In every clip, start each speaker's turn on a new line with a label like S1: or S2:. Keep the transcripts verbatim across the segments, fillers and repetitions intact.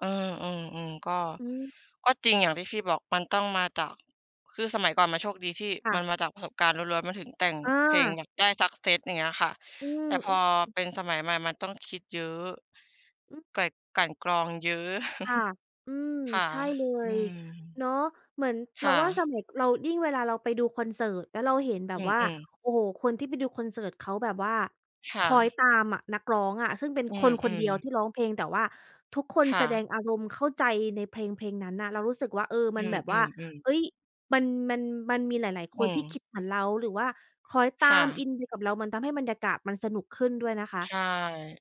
S1: เออ ๆ ๆ ก็
S2: อืม
S1: ก็จริงอย่างที่พี่บอกมันต้องมาจาก คือสมัยก่อนมันโชคดีที่
S2: ค่
S1: ม
S2: ะ
S1: ันมาจากประสบการณ์ล้วน ๆ มันถึงแต่งเพลง
S2: อา
S1: อย่างได้ success อย่างเงี้ยค่ะ
S2: อื
S1: แต
S2: ม
S1: ่พอ
S2: ๆ
S1: เป็นสมัยใหม่มันต้องคิดเยอะ
S2: อืม
S1: ก กลั่นกรองเยอะ
S2: ค่ะ อืม
S1: ค่ะ
S2: ใช่เล
S1: อื
S2: ย
S1: ม
S2: เนาะ เหมือน
S1: ค
S2: เรา
S1: ่
S2: ว่าส
S1: ะ
S2: มัยเรา ยิ่งเวลาเราไปดูคอนเสิร์ต แล้วเราเห็นแบ
S1: อ
S2: บ
S1: ื
S2: ว่า
S1: ม ๆ
S2: โอ้โฮ คนที่ไปดูคอนเสิร์ตเขาแบบว่า
S1: ค
S2: ค
S1: ่
S2: อย
S1: ะ
S2: ตามอะนักร้องอะ ซึ่งเป็น
S1: อื
S2: คน ๆ เดี
S1: ม
S2: ยว
S1: ๆ
S2: ที่ร้องเพลง แต่ว่าทุกคน
S1: ค่
S2: แสด
S1: ะ
S2: งอารมณ์เข้าใจในเพลง ๆ นั้นน่ะ เรารู้สึกว่า เออ
S1: อ
S2: ม
S1: ื
S2: ันแบบว่า
S1: ม ๆ ๆ
S2: เฮ้ย มัน มัน มันมีหลาย ๆ ค
S1: อื
S2: นที่ค
S1: ม
S2: ิดเหมือนเรา หรือว่าคล้อยต
S1: ค
S2: า
S1: ่
S2: ม
S1: ะ
S2: อินไปกับเรา มันทำให้บรรยากาศมันสนุกขึ้นด้วยนะค
S1: ใ
S2: ะ
S1: ช่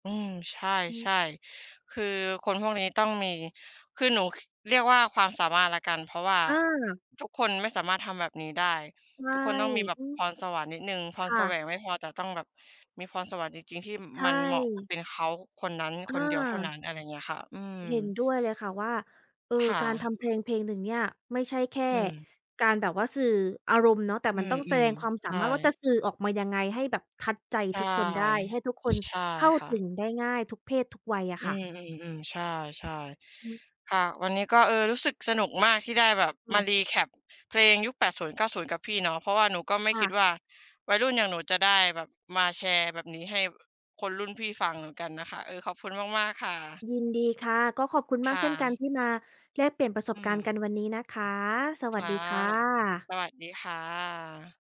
S1: อืม ใช
S2: อืม
S1: ่ ๆ คือคนพวกนี้ต้องมี คือหนู ค เรียกว่าความสามารถแล้วกัน เพราะว่า
S2: อา
S1: ทุกคนไม่สามารถทำแบบนี้ได้
S2: ใช
S1: ท
S2: ่
S1: ุกคนต้องมีแบบ
S2: อืม
S1: พรสวรรค์นิดหนึ่ง พ
S2: ค
S1: ร
S2: ่
S1: แสว
S2: ะ
S1: งไม่พอ แต่ต้องแบบมีพรสวรรค์จริง ๆ ที่
S2: ใช
S1: มันเหมาะ
S2: ่
S1: เป็นเขาคนนั้น
S2: อ
S1: คนเดียวเท่า
S2: า
S1: นั้น อะไรเงี้ยค่ะ อื
S2: เห็
S1: ม
S2: นด้วยเลยค่ะว่า เออ
S1: ค่
S2: การท
S1: ะ
S2: ำเพลง ๆ หนึ่งเนี่ย ไม่ใช่แค่
S1: อืม
S2: การแบบว่าสื่ออารมณ์เนาะ แต่
S1: อื
S2: มันต้องแสด
S1: ม
S2: งความ
S1: ๆ
S2: ส
S1: ใช
S2: า
S1: ่
S2: มารถว่าจะสื่อออกมายังไงให้แบบ touch ใจ
S1: ใช่
S2: ทุกคนได้ ให้ทุกคน
S1: ใช่
S2: เข้า
S1: ค่
S2: ถ
S1: ะ
S2: ึงได้ง่ายทุกเพศทุกวัยอะ
S1: อื
S2: ค่ะ
S1: ม ๆ ๆ ใช่
S2: อืม
S1: ๆ ค่ะ วันนี้ก็ เออ รู้สึกสนุกมากที่ได้แบบ
S2: ค
S1: ม
S2: ่
S1: า
S2: ะ
S1: recap เพลงยุค แปดศูนย์เก้าศูนย์ กับพี่เนาะ เพราะว่าหนูก็ไม่
S2: ค
S1: ค
S2: ่
S1: ิด
S2: ะ
S1: ว่า วัยรุ่นอย่างหนูจะได้แบบมาแชร์แบบนี้ให้แบบคนรุ่นพี่ฟังเหมือนกันน่ะค่ะ เออ ขอบคุณมาก ๆ ค่ะ
S2: ยินดีค่ะ ก็ขอบคุณ
S1: ค
S2: มาก
S1: ่
S2: เช่นกัน
S1: ะ
S2: ที่มาแลกเปลี่ยนประส
S1: อื
S2: บการณ์
S1: ม
S2: กันวันนี้นะคะ ส
S1: ค
S2: วัส
S1: ่ะ
S2: ดีค่ะ
S1: สวัสดี ค่ะ